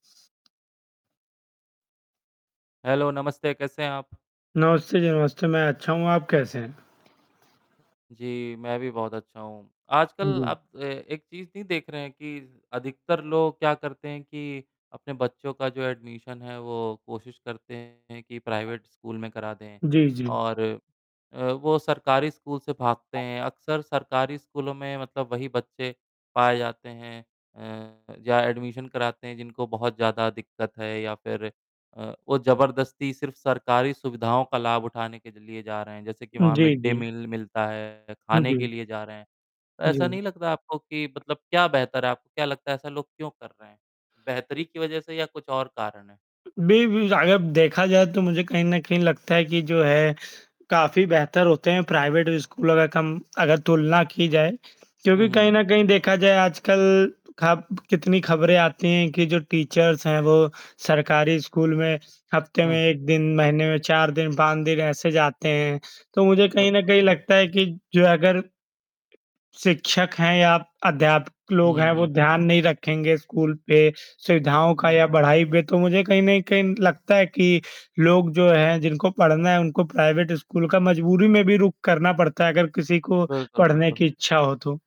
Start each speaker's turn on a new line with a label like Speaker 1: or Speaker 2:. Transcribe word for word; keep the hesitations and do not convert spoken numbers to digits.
Speaker 1: Hello, नमस्ते। कैसे हैं आप?
Speaker 2: नमस्ते जी नमस्ते, मैं अच्छा हूँ, आप कैसे हैं?
Speaker 1: जी, मैं भी बहुत अच्छा हूँ।
Speaker 2: हाँ
Speaker 1: आजकल
Speaker 2: जी।
Speaker 1: आप अ, एक चीज़ नहीं देख रहे हैं कि, अधिकतर लोग क्या करते हैं कि अपने बच्चों का जो एडमिशन है, वो कोशिश करते हैं कि प्राइवेट स्कूल में करा दें।
Speaker 2: जी, जी।
Speaker 1: और अ, वो सरकारी स्कूल से भागते
Speaker 2: हाँ।
Speaker 1: हैं, अक्सर सरकारी स्कूलों में मतलब वही बच्चे पाए जाते हैं अ, जा एडमिशन कराते हैं जिनको बहुत ज़्यादा दिक्कत है या फिर अ, वो ज़बरदस्ती सिर्फ़ सरकारी सुविधाओं का लाभ उठाने के ज लिए जा रहे हैं, जैसे कि
Speaker 2: उम,
Speaker 1: वहाँ
Speaker 2: जी,
Speaker 1: मिड-डे
Speaker 2: जी।
Speaker 1: मील मिलता है,
Speaker 2: हुँ,
Speaker 1: खाने के
Speaker 2: जी।
Speaker 1: लिए जा रहे हैं। ऐसा
Speaker 2: जी।
Speaker 1: नहीं लगता आपको कि मतलब क्या बेहतर है आपको क्या लगता है ऐसा लोग क्यों कर रहे हैं? बेहतरी की वजह से या कुछ और कारण है?
Speaker 2: अ, बी बी अगर देखा जाए तो मुझे कहीं न कहीं लगता है कि जो है काफ़ी बेहतर होते हैं प्राइवेट स्कूलों का कम अगर तुलना की जाए।
Speaker 1: हुँ,
Speaker 2: क्योंकि
Speaker 1: हुँ,
Speaker 2: कहीं
Speaker 1: हुँ।
Speaker 2: न कहीं देखा जाए आजकल खब कितनी खबरें आती हैं कि जो टीचर्स हैं, वो सरकारी स्कूल में हफ्ते में
Speaker 1: हुँ।
Speaker 2: एक दिन, महीने में चार दिन, पाँच दिन ऐसे जाते हैं। तो मुझे कहीं न
Speaker 1: बिल्कुल।
Speaker 2: कहीं लगता है कि जो है अगर शिक्षक हैं या अध्यापक लोग
Speaker 1: हुँ,
Speaker 2: हैं, वो
Speaker 1: हुँ।
Speaker 2: ध्यान नहीं रखेंगे स्कूल पे, सुविधाओं का
Speaker 1: हुँ,
Speaker 2: या
Speaker 1: हुँ।
Speaker 2: बढ़ाई पे तो मुझे कहीं न कहीं लगता है कि, लोग जो हैं जिनको पढ़ना है उनको प्राइवेट स्कूल का मजबूरी में भी रुक करना पड़ता है, अगर किसी को
Speaker 1: बिल्कुल,
Speaker 2: पढ़ने
Speaker 1: बिल्कुल।
Speaker 2: की इच्छा हो तो।